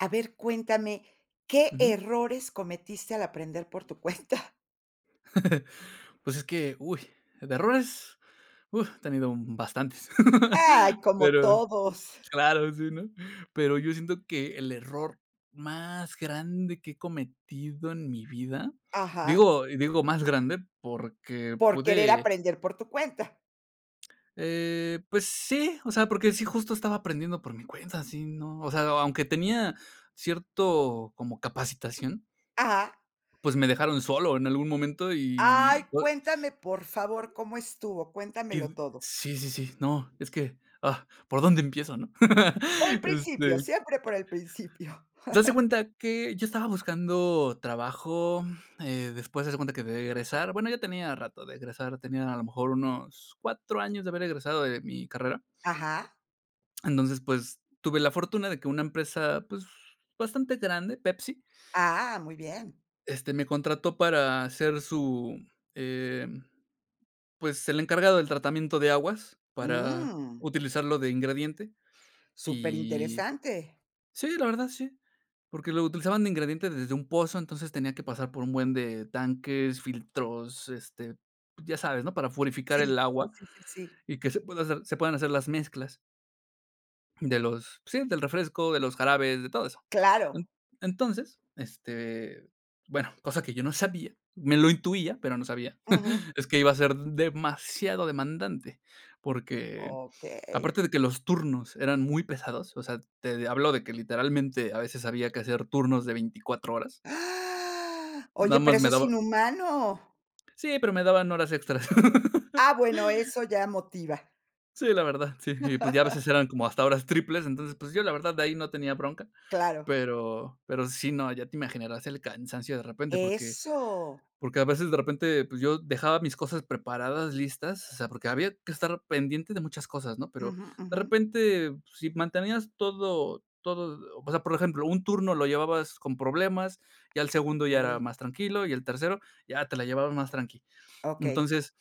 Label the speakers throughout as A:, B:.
A: A ver, cuéntame, ¿qué
B: Ujú.
A: errores cometiste al aprender por tu cuenta?
B: Pues es que, uy, de errores, uh, he tenido, mm, bastantes.
A: Ay, como
B: Pero,
A: todos.
B: claro, sí, ¿no? Pero yo siento que, el error más grande que he cometido en mi vida,
A: Ajá.
B: digo y digo más grande, porque
A: Por querer
B: pude
A: aprender por tu cuenta.
B: Eh, pues sí, o sea, porque sí justo estaba aprendiendo por mi cuenta, sí, no, o sea, aunque tenía cierto como capacitación.
A: Ajá.
B: Pues me dejaron solo en algún momento
A: Ay,
B: y o
A: cuéntame, por favor, ¿cómo estuvo? Cuéntamelo
B: Y
A: todo.
B: sí, sí, sí. No, es que, ah, ¿por dónde empiezo, no?
A: Por el principio,
B: Este.
A: siempre por el principio.
B: Pues haz de cuenta que yo estaba buscando trabajo, eh, después haz de cuenta que de egresar, bueno, ya tenía rato de egresar, tenía a lo mejor unos 4 años de haber egresado de mi carrera.
A: Ajá.
B: Entonces, pues tuve la fortuna de que una empresa, pues bastante grande, Pepsi.
A: Ah, muy bien.
B: Este, me contrató para ser su, eh, pues, el encargado del tratamiento de aguas para
A: Mm.
B: utilizarlo de ingrediente
A: Súper
B: y
A: interesante.
B: Sí, la verdad, sí. Porque lo utilizaban de ingrediente desde un pozo, entonces tenía que pasar por un buen de tanques, filtros, este, ya sabes, ¿no? Para purificar el
A: Sí, sí,
B: agua
A: sí, sí, sí.
B: y que se pueda hacer se puedan hacer las mezclas de los, sí, del refresco, de los jarabes, de todo eso.
A: Claro.
B: En entonces, este, bueno, cosa que yo no sabía, me lo intuía, pero no sabía,
A: Ujú.
B: es que iba a ser demasiado demandante, porque,
A: Okey.
B: aparte de que los turnos eran muy pesados, o sea, te hablo de que literalmente a veces había que hacer turnos de 24 horas. Nada
A: Oye, pero
B: más me
A: eso es
B: daba
A: inhumano.
B: Sí, pero me daban horas extras.
A: Ah, bueno, eso ya motiva.
B: Sí, la verdad, sí, y pues ya a veces eran como hasta horas triples. Entonces, pues yo la verdad de ahí no tenía bronca.
A: Claro.
B: Pero pero sí, no, ya te imaginarás el cansancio de repente porque
A: Eso.
B: porque a veces de repente, pues yo dejaba mis cosas preparadas, listas, o sea, porque había que estar pendiente de muchas cosas, ¿no? Pero
A: Ujú,
B: de
A: ujú.
B: repente, si mantenías todo todo o sea, por ejemplo, un turno lo llevabas con problemas, ya el segundo ya era
A: Uy.
B: más tranquilo y el tercero ya te la llevaban más tranqui.
A: Okey.
B: Entonces,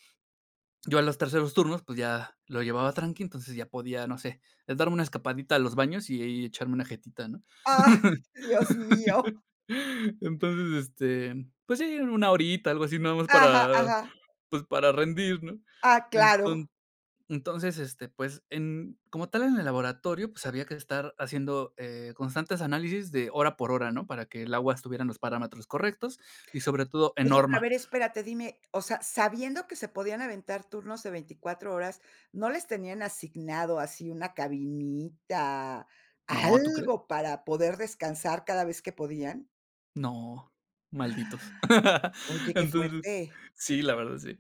B: yo a los terceros turnos, pues ya lo llevaba tranqui, entonces ya podía, no sé, eh, darme una escapadita a los baños y echarme una jetita, ¿no?
A: Ay, dios mío.
B: Entonces, este, pues sí, 1 horita, algo así nada más
A: Ajá,
B: para,
A: ajá.
B: pues para rendir, ¿no?
A: Ah, claro.
B: Enton entonces, este, pues en como tal en el laboratorio, pues había que estar haciendo, eh, constantes análisis de hora por hora, ¿no? Para que el agua estuviera en los parámetros correctos y sobre todo en
A: Oye, pero a
B: norma.
A: ver, espérate, dime, o sea, sabiendo que se podían aventar turnos de 24 horas, ¿no les tenían asignado así una cabinita,
B: No, ¿tú crees?
A: algo para poder descansar cada vez que podían?
B: No, malditos.
A: Oye que
B: Entonces
A: fuerte.
B: sí, la verdad sí.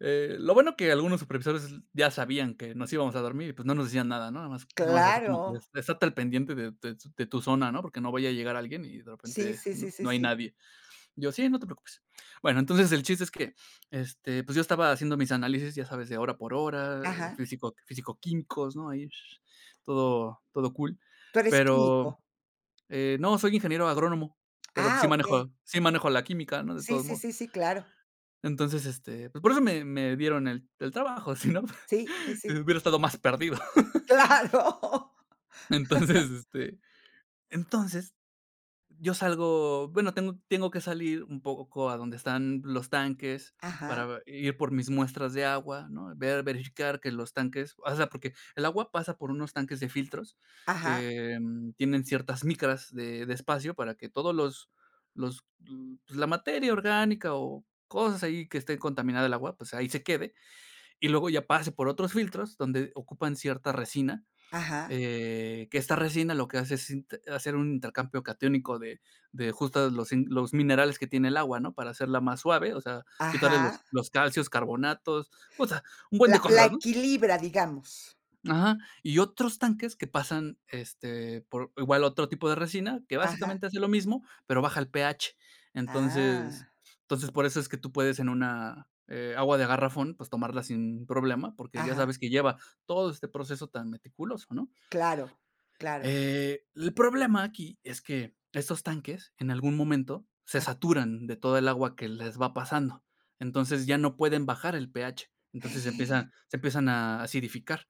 B: Eh, lo bueno que algunos supervisores s ya sabían que nos íbamos a dormir, y, pues, no nos decían nada, ¿no? Nada más nomás así como que:
A: Claro.
B: "Estate al pendiente de de de tu zona", ¿no? Porque no vaya a llegar alguien, y de
A: Sí,
B: repente,
A: sí, sí, sí,
B: no hay
A: sí.
B: nadie. Yo: "Sí, no te preocupes". Bueno, entonces el chiste es que este, pues, yo estaba haciendo mis análisis, ya sabes, de hora por hora, de
A: Ajá.
B: físico, físico-químicos, ¿no? Ahí, sh sh, todo todo cool.
A: ¿Pero es
B: Pero,
A: químico?
B: eh, no, soy ingeniero agrónomo, pero sí
A: Ah, okey.
B: manejo sí manejo la química, ¿no?, de
A: Sí,
B: todos
A: sí,
B: modos.
A: sí, sí, claro.
B: Entonces, este, pues por eso me me dieron el el trabajo, sino
A: Sí, sí, sí.
B: hubiera estado más perdido.
A: Claro.
B: Entonces, este, entonces yo salgo bueno, tengo tengo que salir un poco a donde están los tanques para
A: Ajá.
B: ve ir por mis muestras de agua, ¿no? Ver, verificar que los tanques o sea, porque, el agua pasa por unos tanques de filtros,
A: Ajá.
B: que tienen ciertas micras de de espacio para que todos los los pues, la materia orgánica, o cosas ahí que esté contaminada el agua, pues, ahí se quede. Y luego ya pase por otros filtros donde ocupan cierta resina.
A: Ajá.
B: Eh, que esta resina lo que hace es sint hacer un intercambio catiónico de de justo los los minerales que tiene el agua, ¿no? Para hacerla más suave, o sea, quitarle los
A: Ajá.
B: los calcios, carbonatos, o sea, un buen
A: La
B: de
A: la
B: cosas, ¿no?
A: equilibra, digamos.
B: Ajá. Y otros tanques que pasan, este, por igual otro tipo de resina, que
A: Ajá.
B: básicamente hace lo mismo, pero baja el pH. Entonces,
A: Ah.
B: entonces, por eso es que tú puedes en una, eh, agua de garrafón, pues, tomarla sin problema, porque ya
A: Ajá.
B: sabes que lleva todo este proceso tan meticuloso, ¿no?
A: Claro, claro.
B: Eh, el problema aquí es que, estos tanques, en algún momento, se
A: Ah.
B: saturan de toda el agua que les va pasando. Entonces, ya no pueden bajar el pH. Entonces, empiezan se empiezan a acidificar.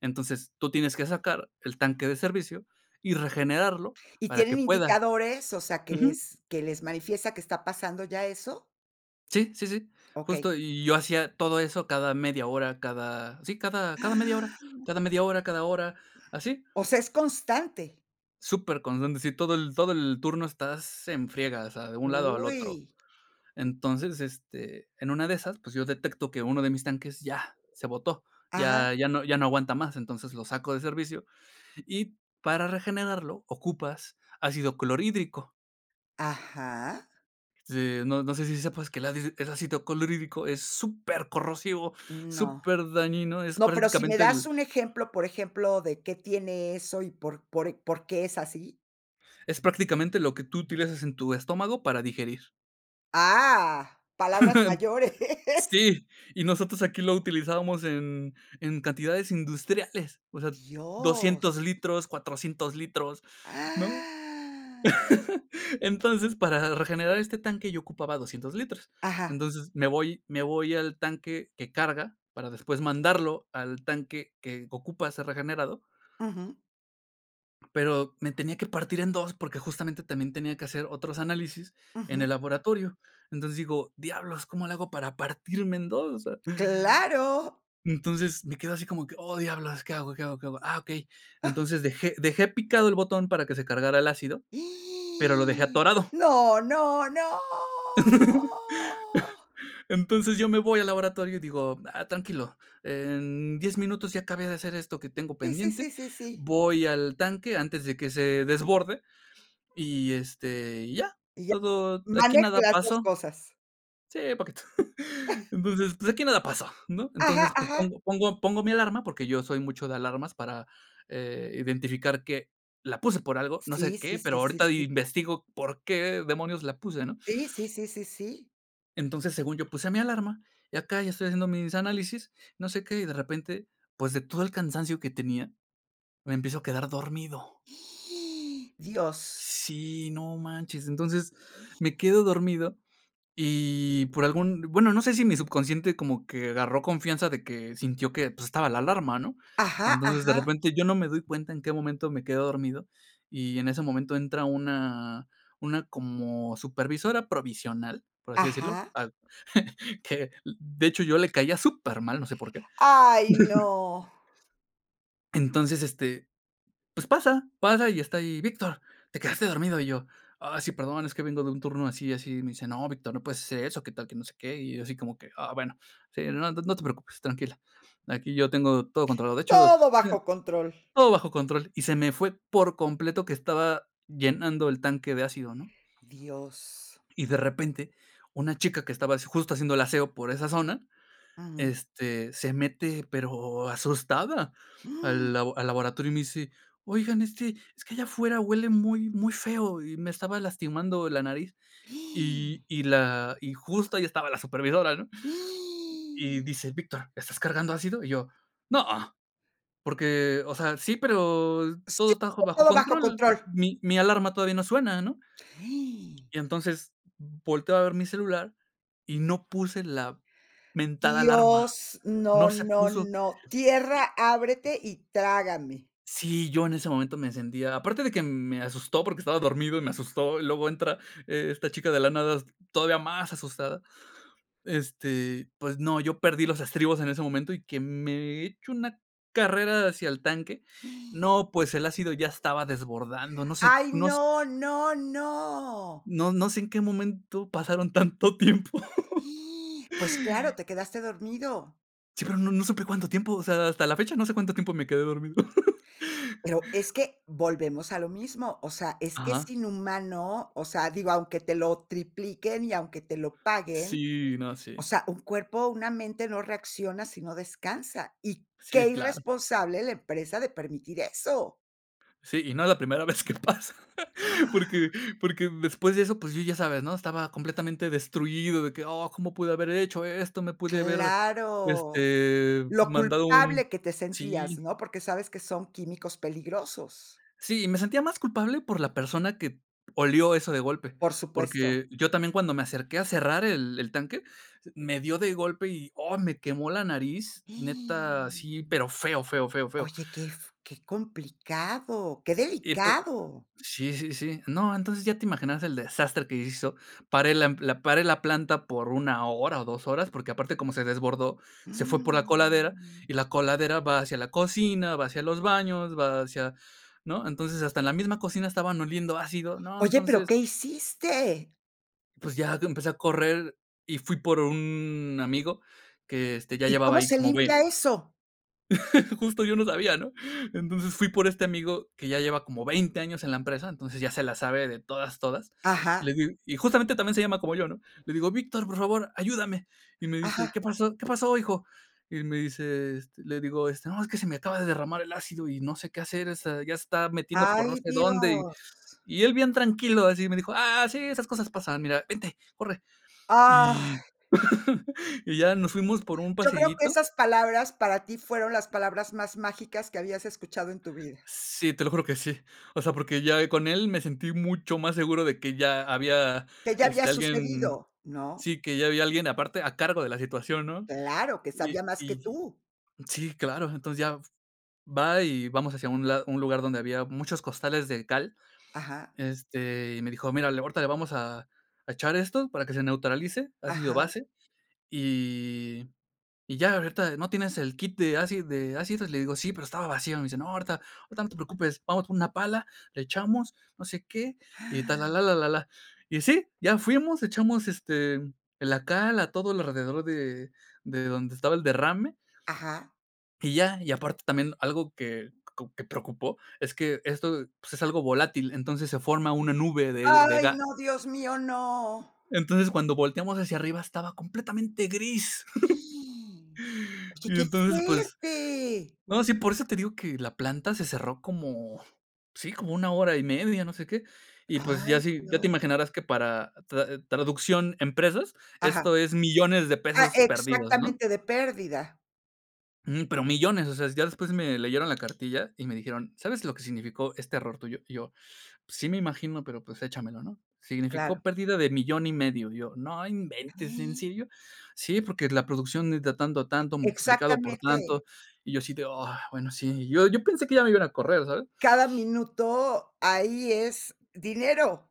B: Entonces, tú tienes que sacar el tanque de servicio y regenerarlo
A: ¿Y
B: para que
A: tienen
B: pueda.
A: indicadores? O sea, ¿que
B: Ujú.
A: les que les manifiesta que está pasando ya eso?
B: Sí, sí, sí.
A: Okey.
B: Justo, y yo hacía todo eso cada media hora, cada, sí, cada cada media hora cada media hora, cada hora, así.
A: O sea, es constante.
B: Superconstante, sí, todo el todo el turno estás en friegas, o sea, de un lado al otro.
A: Uy.
B: Entonces, este, en una de esas, pues, yo detecto que uno de mis tanques ya se botó.
A: Ajá.
B: Ya ya no ya no aguanta más, entonces, lo saco de servicio. Y, para regenerarlo ocupas ácido clorhídrico.
A: Ajá.
B: Este, no no sé si sepas que el adid el ácido clorhídrico es supercorrosivo,
A: No.
B: superdañino, es
A: No, pero si me
B: prácticamente
A: das
B: el
A: un ejemplo, por ejemplo, de, ¿qué tiene eso y por por e por qué es así?
B: es prácticamente, lo que tú utilizas en tu estómago para digerir.
A: Ah, palabras mayores.
B: Sí, y nosotros aquí lo utilizábamos en en cantidades industriales, o sea, 200
A: Dios.
B: litros, 400 litros, ¿no? Entonces, para regenerar este tanque yo ocupaba 200 litros.
A: Ajá.
B: Entonces, me voy me voy al tanque que carga para después mandarlo al tanque que ocupa ser regenerado
A: Ujú.
B: pero me tenía que partir en 2 porque, justamente, también tenía que hacer otros análisis en el
A: Ujú.
B: laboratorio. Entonces, digo: "Diablos, ¿cómo le hago para partirme en 2?", o sea
A: Claro.
B: Entonces, me quedo así como que: "Oh, diablos, ¿qué hago, qué hago, qué hago? Ah, okey". Entonces, dejé dejé picado el botón para que se cargara el ácido, pero lo dejé atorado.
A: No, no, no.
B: Entonces, yo me voy al laboratorio y digo: "Ah, tranquilo, en 10 minutos ya acabé de hacer esto que tengo
A: Sí, sí, sí,
B: pendiente,
A: sí, sí.
B: voy al tanque antes de que se desborde y, este, y ya,
A: Y ya,
B: todo aquí
A: manejo
B: nada
A: las 2
B: paso".
A: cosas.
B: Sí, poquito. Entonces: "Pues, aquí nada paso", ¿no?
A: Ajá,
B: Entonces, pues,
A: ajá.
B: pongo pongo pongo mi alarma, porque yo soy mucho de alarmas para, eh, identificar que la puse por algo, no sé
A: Sí,
B: qué,
A: sí,
B: pero
A: sí, sí,
B: ahorita
A: sí.
B: investigo por qué demonios la puse, ¿no?
A: Sí, sí, sí, sí, sí.
B: Entonces, según yo, puse mi alarma, y acá ya estoy haciendo mis análisis, no sé qué, y de repente, pues, de todo el cansancio que tenía, me empiezo a quedar dormido.
A: Dios.
B: Sí, no manches. Entonces, me quedo dormido y por algún bueno, no sé si mi subconsciente como que agarró confianza de que sintió que, pues, estaba la alarma, ¿no?
A: Ajá,
B: Entonces, de
A: ajá.
B: repente, yo no me doy cuenta en qué momento me quedo dormido, y en ese momento entra una una como supervisora provisional, por así decirlo,
A: Ajá.
B: a que de hecho, yo le caía supermal, no sé por qué.
A: Ay, no.
B: Entonces, este pues, pasa pasa y está ahí: "Víctor, te quedaste dormido". Y yo: "Ah, sí, perdón, es que vengo de un turno así y así". Y me dice: "No, Víctor, no puedes hacer eso, qué tal que no sé qué". Y yo así como que: "Ah, bueno. Sí, no no te preocupes, tranquila. Aquí yo tengo todo controlado. De hecho
A: Todo bajo control.
B: todo bajo control". Y se me fue, por completo, que estaba llenando el tanque de ácido, ¿no?
A: Dios.
B: Y, de repente, una chica que estaba s justo haciendo el aseo por esa zona,
A: Ujú.
B: este, se mete, pero asustada, al labo al laboratorio y me dice: "Oigan, este, es que allá afuera huele muy muy feo, y me estaba lastimando la nariz". Y y la y justo ahí estaba la supervisora, ¿no? Y dice: "Víctor, ¿estás cargando ácido?" Y yo: "No, porque, o sea, sí, pero todo
A: Sí,
B: está jo bajo
A: todo bajo
B: control.
A: control.
B: Mi mi alarma todavía no suena", ¿no? Y entonces, volteo a ver mi celular y no puse la mentada alarma.
A: Dios,
B: No
A: no,
B: se
A: no,
B: puso.
A: no. Tierra
B: Y
A: ábrete y trágame.
B: Sí, yo en ese momento me sentía Aparte de que me asustó porque estaba dormido y me asustó, y luego entra e esta chica de la nada, todavía más asustada. Este, pues, no, yo perdí los estribos en ese momento y que me echo una carrera hacia el tanque. No, pues, el ácido ya se estaba desbordando. No sé,
A: Ay,
B: no s
A: no, no, no.
B: no no sé en qué momento pasaron tanto tiempo.
A: Pues, claro, te quedaste dormido.
B: Sí, pero no no supe cuánto tiempo, o sea, hasta la fecha no sé cuánto tiempo me quedé dormido.
A: Pero es que volvemos a lo mismo, o sea es que es
B: Ajá.
A: inhumano, o sea digo, aunque te lo tripliquen y aunque te lo paguen,
B: Sí, no,
A: o
B: sí.
A: sea, un cuerpo, una mente no reacciona si no descansa. Y qué
B: Sí, claro.
A: irresponsable la empresa de permitir eso.
B: Sí, y no es la primera vez que pasa. Porque porque después de eso, pues, yo ya sabes, ¿no? Estaba completamente destruido de que: "Oh, cómo pude haber hecho esto, me pude haber,
A: Claro.
B: este,
A: Lo
B: mandado un".
A: culpable que te sentías,
B: Sí.
A: ¿no? Porque sabes que son químicos peligrosos.
B: Sí. Me sentía más culpable por la persona que olió eso de golpe.
A: Por supuesto.
B: Porque yo también cuando me acerqué a cerrar el el tanque, me dio de golpe y, oh, me quemó la nariz.
A: Oye,
B: Neta, sí. Pero feo, feo, feo, feo.
A: qué f qué complicado. Qué
B: Y pu
A: delicado.
B: Sí, sí, sí. No, entonces, ya te imaginaras el desastre que hizo. Paré la m la paré la planta por 1 hora o 2 horas. Porque aparte como se desbordó, se fue por la coladera, y la coladera va hacia la cocina, va hacia los baños, va hacia ¿no? Entonces, hasta en la misma cocina estaban oliendo ácido, ¿no?
A: Oye, pero,
B: Entonces
A: ¿qué hiciste?
B: pues ya, que empecé a correr y fui por un amigo que, este, ya
A: ¿Y
B: llevaba
A: cómo
B: ahí
A: se
B: como bue
A: limpia eso?
B: Justo yo no sabía, ¿no? Entonces, fui por este amigo que ya lleva como 20 años en la empresa, entonces ya se la sabe de todas, todas. Le
A: Ajá.
B: digo y justamente también se llama como yo, ¿no? Le digo: "Víctor, por favor, ayúdame". Y me dice:
A: Ajá.
B: "¿Qué pasó?, ¿qué pasó, hijo?". Y él me dice, este, le digo, este: "No, es que se me acaba de derramar el ácido y no sé qué hacer. O sea, ya se está metiendo por no
A: Ay,
B: sé dónde". Y
A: dios.
B: y él bien tranquilo, así me dijo: "Ah, sí, esas cosas pasan. Mira, vente, corre". Y
A: Ay.
B: y ya, nos fuimos por un
A: Yo creo que
B: pasillito.
A: esas palabras, para ti fueron las palabras más mágicas que habías escuchado en tu vida.
B: Sí, te lo juro que sí. O sea, porque ya, eh, con él me sentí mucho más seguro de que ya había,
A: Qué ya había
B: este, alguien
A: sucedido, ¿no?
B: Sí, que ya había alguien aparte a cargo de la situación, ¿no?
A: Claro. Que
B: Y
A: sabía más que
B: y
A: tú.
B: sí, claro. Entonces, ya f va y vamos hacia un lado un lugar donde había muchos costales de cal.
A: Ajá.
B: Este, y me dijo, mira, le ahorita le vamos a a echar esto para que se neutralice, ácido
A: Ajá.
B: base. Y y ya ahorita "¿No tienes el kit de acid de ácidos?" Le digo: "Sí, pero estaba vacío". Me dice: "No, ahorita ahorita no te preocupes, vamos por una pala, le echamos, no sé qué y tal, la, la, la, la, la. Y sí, ya fuimos. Echamos, este, eh, la cal a todo lo alrededor de de donde estaba el derrame.
A: Ajá.
B: Y ya. Y aparte también algo que co que preocupó, es que esto, pues, es algo volátil, entonces, se forma una nube de de
A: Ay,
B: ga
A: no, Dios mío, no.
B: Entonces, cuando volteamos hacia arriba estaba completamente gris.
A: Oye,
B: Y
A: ¡qué
B: entonces, pues
A: fuerte!
B: No, sí, por eso te digo que la planta se cerró como, sí, como 1 hora y media, no sé qué. Y pues ya
A: Ay,
B: si ya te
A: Dios.
B: imaginarás que para tra traducción empresas,
A: Ajá.
B: esto es millones de
A: Ah,
B: pesos perdidos, ¿no?
A: exactamente. De pérdida.
B: Ujú, pero millones, o sea, ya después me leyeron la cartilla y me dijeron: "¿Sabes lo que significó este error tuyo?" Y yo: "Pues sí me imagino, pero pues échamelo", ¿no? Significó
A: Claro.
B: pérdida de 1500000. Y yo: "No inventes, ¿en serio?". "Sí, porque la producción de ta tanto, tanto, multiplicado por
A: Exactamente
B: tanto". Y yo así de: "Ah, bueno, sí". Yo yo pensé que ya me iban a correr, ¿sabes?
A: Cada minuto, ahí es dinero.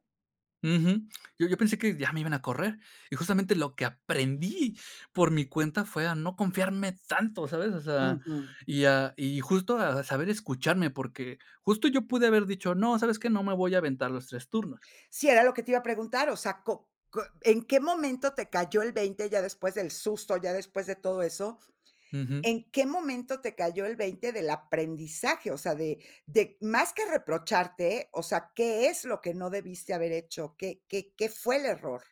B: Ujú, yo yo pensé que ya me iban a correr. Y justamente lo que aprendí por mi cuenta fue a no confiarme tanto, ¿sabes? O sea,
A: Ujú.
B: y a y justo a saber escucharme, porque justo yo pude haber dicho: "No, ¿sabes qué? No me voy a aventar los 3 turnos".
A: Sí, era lo que te iba a preguntar. O sea, ¿co q en qué momento te cayó el 20 ya después del susto, ya después de todo eso?
B: Ujú.
A: ¿En qué momento te cayó el 20 del aprendizaje? O sea, de de más que reprocharte, o sea, ¿qué es lo que no debiste haber hecho? ¿Qué qué qué fue el error?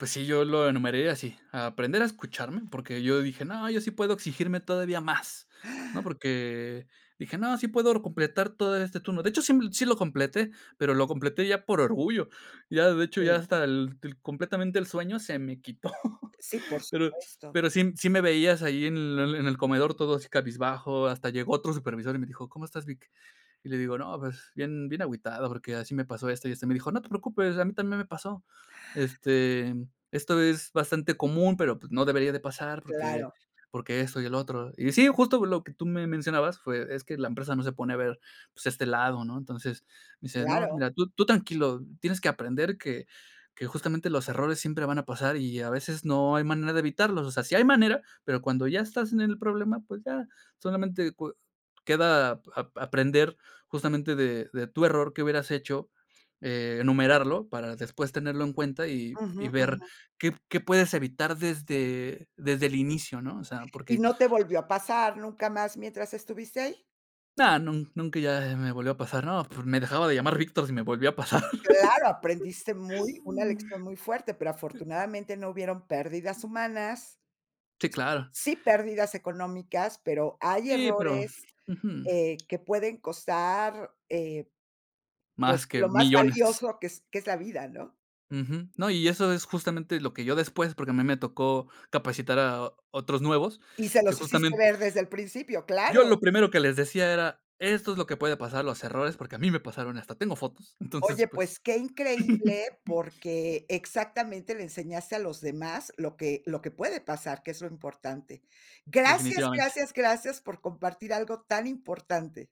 B: Pues sí, yo lo enumeré así, aprender a escucharme, porque yo dije: "No, yo sí puedo exigirme todavía más". No, porque dije: "No, sí puedo completar todo este turno". De hecho, sí sí lo completé, pero lo completé ya por orgullo. Ya, de hecho, ya
A: Sí.
B: hasta el el completamente el sueño se me quitó.
A: Sí, por
B: Pero
A: supuesto.
B: pero sí sí me veías ahí en el en el comedor todo así cabizbajo, hasta llegó otro supervisor y me dijo: "¿Cómo estás, Vic?" Y le digo: "No, pues bien bien agüitado, porque así me pasó esto y esto". Y me dijo: "No te preocupes, a mí también me pasó. Este, esto es bastante común, pero pues no debería de pasar porque
A: Claro.
B: porque eso y el otro". Y sí, justo lo que tú me mencionabas fue Es que la empresa no se pone a ver, pues, este lado, ¿no? Entonces, me dice: "No,
A: Claro.
B: mira, tú tú tranquilo, tienes que aprender que que justamente los errores siempre van a pasar y, a veces, no hay manera de evitarlos. O sea, sí hay manera, pero cuando ya estás en el problema, pues, ya, solamente cue queda ap-aprender justamente de de tu error que hubieras hecho, enumerarlo para después tenerlo en cuenta, y y
A: Ujú,
B: ver
A: ujú.
B: qué p qué puedes evitar desde desde el inicio, ¿no?" O sea,
A: ¿Y
B: porque
A: no te volvió a pasar nunca más mientras estuviste ahí?
B: Ah, nu nunca ya me volvió a pasar, ¿no? p me dejaba de llamar Victor si me volvía a pasar.
A: Claro, aprendiste muy una lección muy fuerte, pero afortunadamente no hubieron pérdidas humanas.
B: Sí, claro.
A: Sí pérdidas económicas, pero hay
B: Sí, pero
A: errores,
B: Ujú.
A: eh, que pueden costar, eh, pues,
B: Más que
A: lo más
B: millones.
A: valioso que es que es la vida, ¿no?
B: Ujú. No, y eso es justamente lo que yo después porque a mí me tocó capacitar a otros nuevos,
A: Y se
B: que
A: los hiciste
B: justamente
A: ver desde el principio,
B: Yo
A: claro.
B: lo primero que les decía era: "Esto es lo que puede pasar, los errores, porque a mí me pasaron y hasta tengo fotos". Entonces,
A: Oye,
B: pues
A: pues, qué increíble, porque exactamente le enseñaste a los demás lo que lo que puede pasar, que es lo importante. Gracias,
B: Definitivamente.
A: gracias, gracias por compartir algo tan importante.